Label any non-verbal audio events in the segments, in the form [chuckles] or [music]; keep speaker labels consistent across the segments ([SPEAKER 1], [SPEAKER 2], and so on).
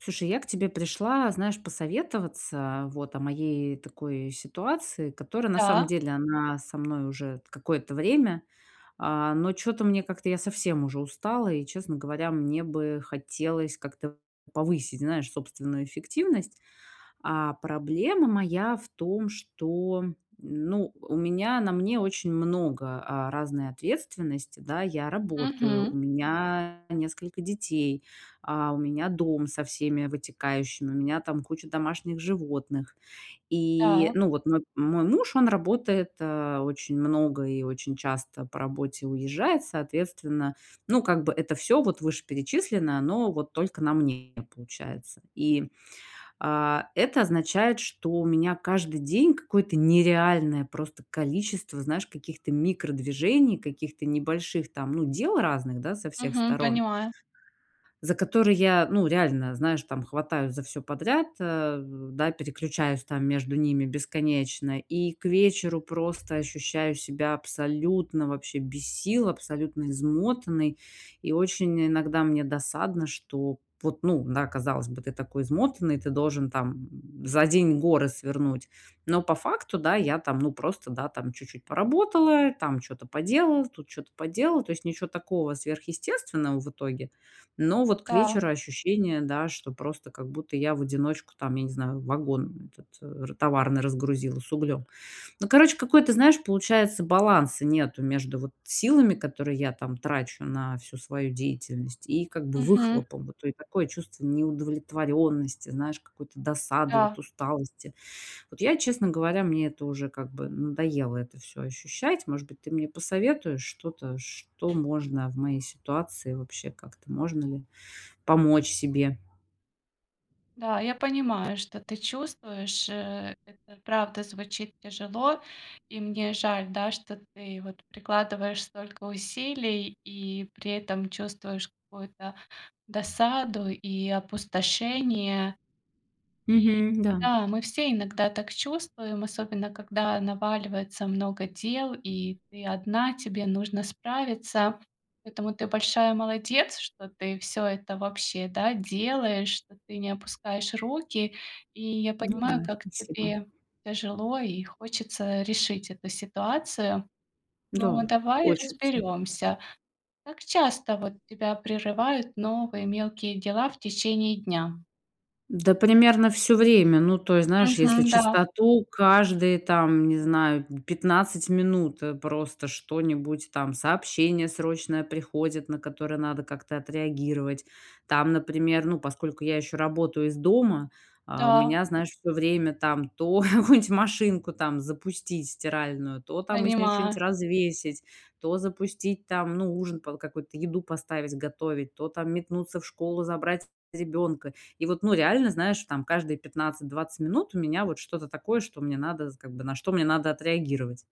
[SPEAKER 1] Слушай, я к тебе пришла, знаешь, посоветоваться, вот, о моей, такой, ситуации, которая, на самом
[SPEAKER 2] Да.
[SPEAKER 1] деле, она со мной уже какое-то время. А, но чё-то мне, как-то, я совсем уже устала и, честно говоря, мне бы хотелось как-то повысить, знаешь, собственную эффективность. А проблема моя в том, что, ну, у меня, на мне очень много, а, разной ответственности, да. Я работаю, у
[SPEAKER 2] Мгм.
[SPEAKER 1] меня несколько детей, а, у меня дом со всеми вытекающими, у меня там куча домашних животных. И,
[SPEAKER 2] Да.
[SPEAKER 1] ну вот, нап мой муж, он работает, э, очень много и очень часто по работе уезжает. Соответственно, ну, как бы, это всё, вот, вышеперечисленное, оно, вот, только на мне получается. И, а, это означает, что у меня, каждый день какое-то нереальное просто количество, знаешь, каких-то микродвижений, каких-то небольших там, ну, дел разных, да, со всех
[SPEAKER 2] Мгм,
[SPEAKER 1] сторон
[SPEAKER 2] понимаю.
[SPEAKER 1] за которые, я, ну, реально, знаешь, там, хватаюсь за всё подряд, а, да, переключаюсь там между ними бесконечно. И к вечеру, просто, ощущаю себя абсолютно, вообще без сил, абсолютно измотанной. И очень, иногда, мне досадно, что вот, ну да, казалось бы, ты такой измотанный, ты должен, там, за день горы свернуть, но по факту, да, я там, ну, просто, да, там, чуть-чуть поработала, там чё-то поделала, тут чё-то поделала. То есть ничё такого сверхъестественного в итоге. Но вот к
[SPEAKER 2] Да.
[SPEAKER 1] вечеру ощущение, да, что просто, как будто, я в одиночку, там, я не знаю, вагон этот р товарный разгрузила с углём. Ну, короче, какой-то, знаешь, получается, баланса нету между, вот, силами, которые я, там, трачу на всю свою деятельность, и, как бы,
[SPEAKER 2] Мгм.
[SPEAKER 1] выхлопом, вот. И такое чувство неудовлетворённости, знаешь, какой-то досады, вот,
[SPEAKER 2] Да.
[SPEAKER 1] усталости. Вот я, честно говоря, мне это уже, как бы, надоело это всё ощущать. Может быть, ты мне посоветуешь что-то, что можно в моей ситуации вообще, как-то можно ли помочь себе?
[SPEAKER 2] Да, я понимаю, что ты чувствуешь. Э, это правда звучит тяжело. И мне жаль, да, что ты, вот, прикладываешь столько усилий и при этом чувствуешь какую-то досаду и опустошение. И,
[SPEAKER 1] Мгм, да.
[SPEAKER 2] да, мы все иногда так чувствуем, особенно когда наваливается много дел и ты одна, тебе нужно справиться. Поэтому ты большая молодец, что ты всё это, вообще, да, делаешь, что ты не опускаешь руки. И я
[SPEAKER 1] Ну
[SPEAKER 2] понимаю,
[SPEAKER 1] да,
[SPEAKER 2] как
[SPEAKER 1] спасибо.
[SPEAKER 2] тебе тяжело и хочется решить эту ситуацию. Но,
[SPEAKER 1] Да,
[SPEAKER 2] давай
[SPEAKER 1] хочется.
[SPEAKER 2] разберёмся. Как часто, вот, тебя прерывают новые мелкие дела в течение дня?
[SPEAKER 1] Да, примерно всё время. Ну, то есть, знаешь, если
[SPEAKER 2] Мгм, да.
[SPEAKER 1] чистоту каждые, там, не знаю, м, 15 минут, э, просто, что-нибудь, там, сообщение срочное приходит, на которое надо как-то отреагировать. Там, например, ну, поскольку я ещё работаю из дома, а, у
[SPEAKER 2] Да.
[SPEAKER 1] меня, знаешь, всё время там: то [chuckles] какую-нибудь машинку, там, запустить, стиральную, то, там, из нее чё-нить
[SPEAKER 2] Понимаю.
[SPEAKER 1] развесить, то запустить, там, ну, ужин под какой-то, еду поставить готовить, то, там, метнуться в школу забрать ребенка. И вот, ну, реально, знаешь, там каждые 15-20 минут у меня, вот, что-то такое, что мне надо з как бы, на что мне надо отреагировать.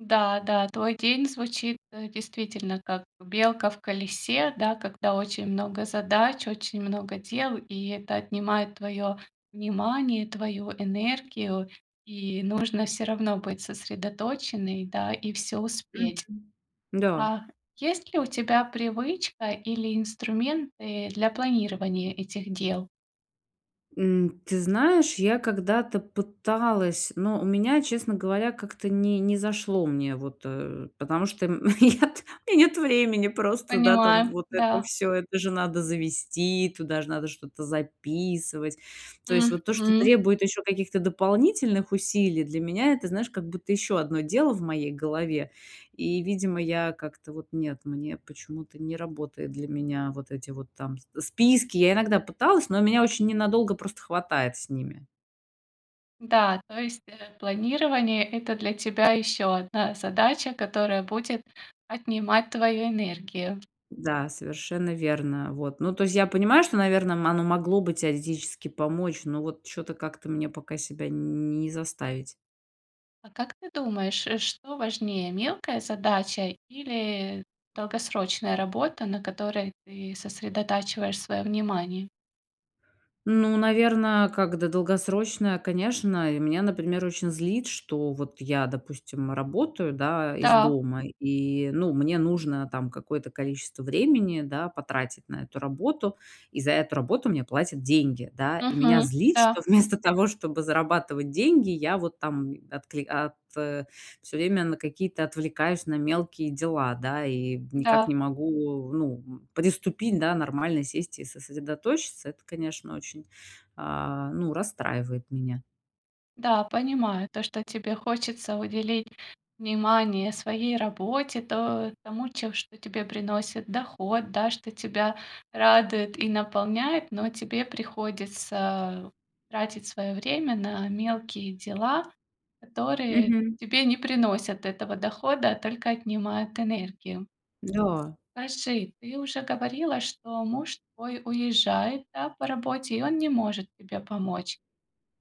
[SPEAKER 2] Да, да, твой день звучит, э, действительно, как белка в колесе, да, когда очень много задач, очень много дел, и это отнимает твое внимание, твою энергию. И нужно всё равно быть сосредоточенной, да, и всё успеть.
[SPEAKER 1] Мгм. Н-да.
[SPEAKER 2] А есть ли у тебя привычка или инструменты для планирования этих дел?
[SPEAKER 1] М, ты знаешь, я когда-то пыталась. Но у меня, честно говоря, как-то не не зашло мне вот, э. Потому что, м, нет и нет времени просто, да, там
[SPEAKER 2] Понимаю,
[SPEAKER 1] вот это
[SPEAKER 2] да.
[SPEAKER 1] всё, это же надо завести, туда ж надо что-то записывать. То есть вот то, что
[SPEAKER 2] Мгм.
[SPEAKER 1] требует еще каких-то дополнительных усилий- для меня это, знаешь, как будто еще одно дело в моей голове. И, видимо, я как-то вот- нет. Мне почему-то не работает для меня вот эти вот там с списки. Я иногда пыталась, но меня очень ненадолго просто хватает с ними.
[SPEAKER 2] Да, то есть, э, планирование- это для тебя еще одна задача, которая будет отнимать твою энергию.
[SPEAKER 1] Да, совершенно верно. Вот. Ну то есть я понимаю, что, наверно, мо оно могло бы теоретически помочь. Но вот чё-то, как-то мне пока себя не заставить.
[SPEAKER 2] А как ты думаешь, э, что важнее: мелкая задача или, э, долгосрочная работа, на которой ты сосредотачиваешь своё внимание?
[SPEAKER 1] Ну, наверно, как да долгосрочная, конечно. И меня, например, очень злит, что вот я, допустим, работаю, да, из
[SPEAKER 2] Да.
[SPEAKER 1] дома и, ну, мне нужно, там, какое-то количество времени, да, потратить на эту работу. И за эту работу мне платят деньги, да? И меня
[SPEAKER 2] Мгм,
[SPEAKER 1] злит, что
[SPEAKER 2] да.
[SPEAKER 1] вместо того, чтобы зарабатывать деньги, я вот там, откли ат всё время на какие-то отвлекаюсь на мелкие дела, да, и, м, никак
[SPEAKER 2] Да.
[SPEAKER 1] не могу, ну, м, приступить, да, нормально сесть и сосредоточиться. Это, конечно, очень, а, ну, расстраивает меня.
[SPEAKER 2] Да, понимаю то, что тебе хочется уделить внимание своей работе, то тому, че что тебе приносит доход, да, что тебя радует и наполняет. Но, тебе приходится тратить своё время на мелкие дела, которые
[SPEAKER 1] Мгм.
[SPEAKER 2] тебе не приносят этого дохода, а только отнимают энергию.
[SPEAKER 1] Да.
[SPEAKER 2] Скажи, ты уже говорила, что муж твой уезжает, да, по работе, и он не может тебе помочь.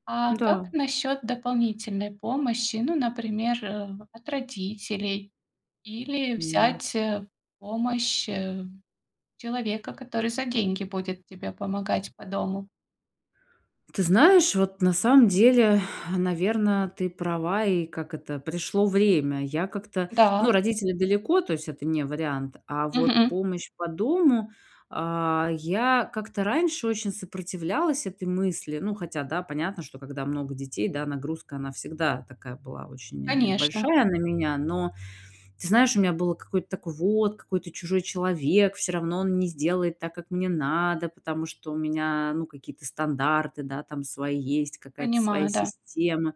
[SPEAKER 2] А как
[SPEAKER 1] Да.
[SPEAKER 2] насчёт дополнительной помощи? Ну, например, э, от родителей, или
[SPEAKER 1] М.
[SPEAKER 2] взять, э, помощь, э, человека, который за деньги будет тебе помогать по дому?
[SPEAKER 1] Ты знаешь, вот, на самом деле, [sighs] наверно, ты права, и, как это, пришло время. Я как-то
[SPEAKER 2] Да.
[SPEAKER 1] ну, родители далеко, то есть это не вариант. А вот
[SPEAKER 2] Мгм.
[SPEAKER 1] помощь по дому, а, я как-то раньше очень сопротивлялась этой мысли. Ну хотя да, понятно, что когда много детей, да, нагрузка она всегда такая была очень, э,
[SPEAKER 2] Конечно.
[SPEAKER 1] большая на меня. Но ты знаешь, у меня было какое-то такое: вот, какой-то чужой человек, всё равно он не сделает так, как мне надо, потому что у меня, ну, какие-то стандарты, да, там свои есть, какая-то своя
[SPEAKER 2] Понимаю, да.
[SPEAKER 1] система.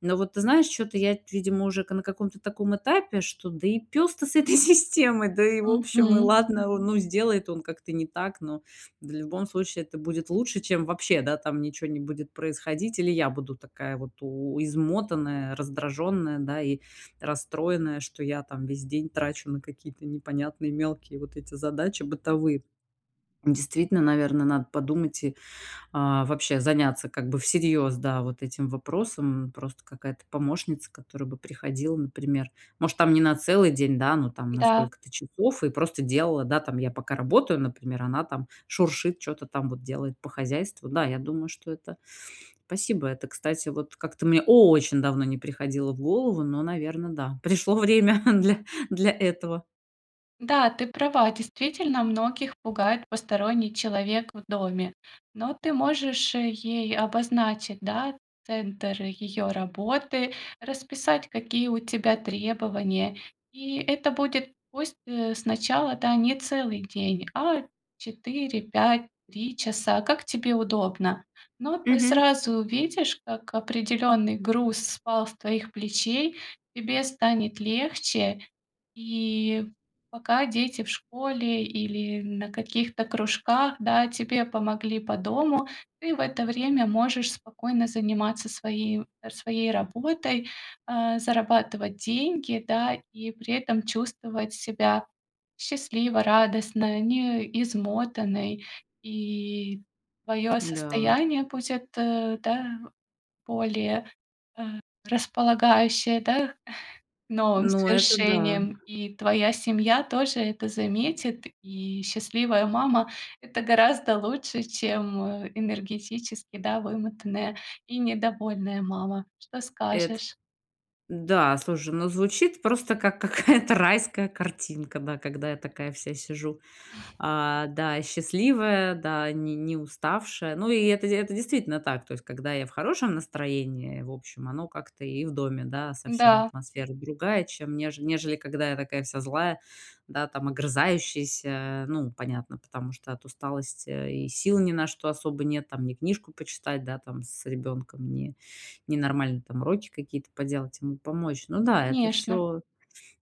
[SPEAKER 1] Но вот ты знаешь, чё-то я, т видимо, уже ка на каком-то таком этапе, что да и пес-то с этой системой, да и, в общем, и
[SPEAKER 2] Мгм.
[SPEAKER 1] ладно, а, ну сделает он как-то не так, но в любом случае это будет лучше, чем вообще, да, там ничего не будет происходить. Или я буду такая вот у измотанная, раздраженная, да, и расстроенная, что я там весь день трачу на какие-то непонятные мелкие вот эти задачи бытовые. [swallows] Действительно, наверно, надо подумать и, а, вообще заняться как бы всерьез, да, вот этим вопросом, м. Просто какая-то помощница, которая бы приходила, например, может там не на целый день, да, но там на
[SPEAKER 2] Да.
[SPEAKER 1] сколько-то часов и просто делала, да там. Я пока работаю, например, она там шуршит, чё-то там вот делает по хозяйству. Да, я думаю, что это. Спасибо, это, кстати, вот как-то мне очень давно не приходило в голову, но, наверно, да, пришло время для, для этого.
[SPEAKER 2] Да, ты права. Действительно многих пугает посторонний человек в доме. Но ты можешь ей обозначить, да, центр ее работы, расписать какие у тебя требования. И это будет пусть, э, сначала, да, не целый день, а 4, 5, 3 часа, как тебе удобно. Но ты
[SPEAKER 1] Мгм.
[SPEAKER 2] сразу увидишь, как определенный груз спал с твоих плечей. Тебе станет легче. И пока дети в школе или на каких-то кружках, да, тебе помогли по дому. Ты в это время можешь спокойно заниматься своей, э, своей работой. Э, зарабатывать деньги, да, и при этом чувствовать себя счастливо, радостно, не измотанной. И твое
[SPEAKER 1] Да.
[SPEAKER 2] состояние, пусть это, да, более, э, располагающее, да, новым
[SPEAKER 1] Ну это да.
[SPEAKER 2] свершениям. И твоя семья тоже это заметит. И счастливая мама- это гораздо лучше, чем энергетически, да, вымотанная и недовольная мама. Что
[SPEAKER 1] Эт
[SPEAKER 2] скажешь?
[SPEAKER 1] Да, слушай, ну, звучит просто как [chuckles] какая-то райская картинка. Да, когда я такая вся сижу,
[SPEAKER 2] [chuckles]
[SPEAKER 1] а, да, и счастливая, да, ни не уставшая. Ну и это, это действительно так. То есть когда я в хорошем настроении, в общем, оно как-то и в доме, да, совсем
[SPEAKER 2] Да.
[SPEAKER 1] атмосфера другая, чем неж нежели когда я такая вся злая, да, там огрызающаяся. Ну, понятно, потому что от усталости и сил ни на что особо нет. Там ни книжку почитать, да, там с ребенком ни ни нормально, там уроки какие-то поделать, ему помочь. Ну да, это
[SPEAKER 2] Конечно.
[SPEAKER 1] всё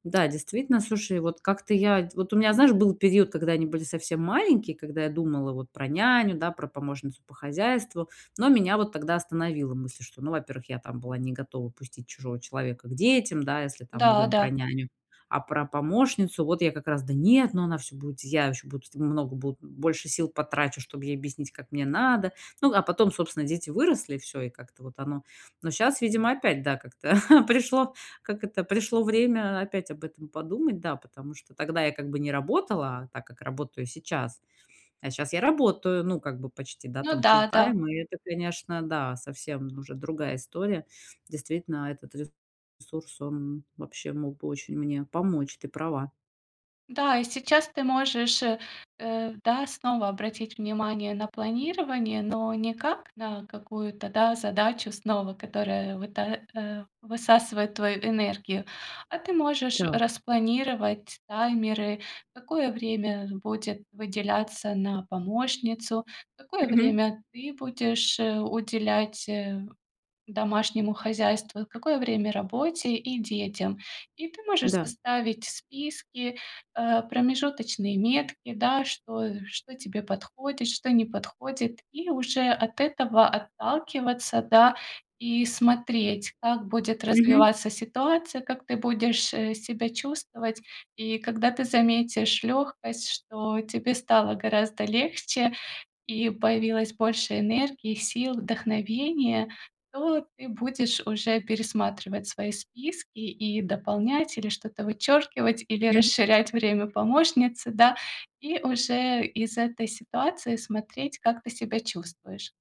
[SPEAKER 1] да, действительно. Слушай, вот как-то я Вот у меня, знаешь, был период, когда они были совсем маленькие, когда я думала вот про няню, да, про помощницу по хозяйству. Но меня вот тогда остановила мысль, что, ну, во-первых, я там была не готова пустить чужого человека к детям, да, если там мы говорим
[SPEAKER 2] Да-да.
[SPEAKER 1] про няню. А про помощницу, вот, я как раз: "Да нет, ну она всё будет, я ещё буду много, бу больше сил потрачу, чтобы ей объяснить, как мне надо". Ну а потом, собственно, дети выросли, и всё. И как-то вот оно. Но щас, видимо, опять, да, как-то [chuckles] пришло, как это, пришло время опять об этом подумать. Да, потому что тогда я как бы не работала так, как работаю сейчас. А щас я работаю, ну, как бы почти, да,
[SPEAKER 2] Ну
[SPEAKER 1] там,
[SPEAKER 2] да, да.
[SPEAKER 1] фултайм. И это, конечно, да, совсем уже другая история. Действительно, этот ресурс, он вообще мог бы очень мне помочь. Ты права.
[SPEAKER 2] Да, и сейчас ты можешь, э, э, да, снова, обратить внимание на планирование, но не как на какую-то, да, задачу снова, которая выта а, высасывает твою энергию, а ты можешь
[SPEAKER 1] Да.
[SPEAKER 2] распланировать таймеры: какое время, э, будет выделяться на помощницу, какое
[SPEAKER 1] Мгм.
[SPEAKER 2] время ты будешь, э, уделять, э, домашнему хозяйству, какое время- работе и детям. И ты можешь
[SPEAKER 1] Да.
[SPEAKER 2] составить списки, а, промежуточные метки, да, что что тебе подходит, что не подходит, и уже от этого отталкиваться, да, и смотреть, как будет
[SPEAKER 1] Мгм.
[SPEAKER 2] развиваться ситуация, как ты будешь, э, себя чувствовать. И когда ты заметишь легкость, что тебе стало гораздо легче и появилось больше энергии, сил, вдохновения, то ты будешь уже пересматривать свои списки и дополнять, или что-то вычеркивать, или
[SPEAKER 1] Мгм.
[SPEAKER 2] расширять время помощницы, да, и уже из этой ситуации смотреть, как ты себя чувствуешь.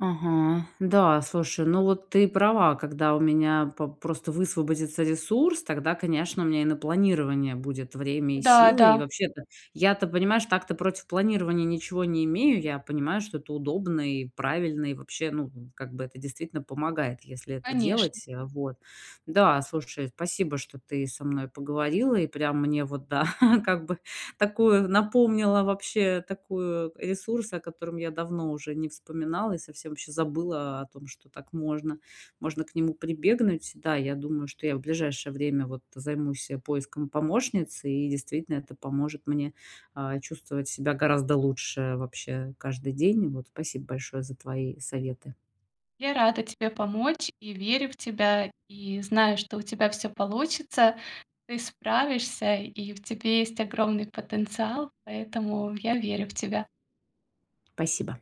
[SPEAKER 1] Ага. Да, слушай, ну, вот, ты права, когда у меня по просто высвободится ресурс, тогда, конечно, у меня и на планирование будет время и
[SPEAKER 2] Да,
[SPEAKER 1] силы. И
[SPEAKER 2] да.
[SPEAKER 1] вообще-то я-то, понимаешь, так-то, против планирования ничего не имею, я понимаю, что это удобно и правильно и, вообще, ну, как бы, это действительно помогает, если это
[SPEAKER 2] Конечно.
[SPEAKER 1] делать, а, вот. Да, слушай, спасибо, что ты со мной поговорила и прям мне вот, да, [chuckles] как бы такую напомнила, вообще, такую, э, ресурс, о котором я давно уже не вспоминала и совсем ваще забыла о том, что так можно, можно к нему прибегнуть, да, я думаю, что я в ближайшее время, вот, займусь, э, поиском помощницы и действительно это поможет мне, а, чувствовать себя гораздо лучше, вообще, каждый день, вот. Спасибо большое за твои советы.
[SPEAKER 2] Я рада тебе помочь и верю в тебя! И знаю, что у тебя всё получится. Ты справишься, и в тебе есть огромный потенциал, поэтому я верю в тебя.
[SPEAKER 1] Спасибо.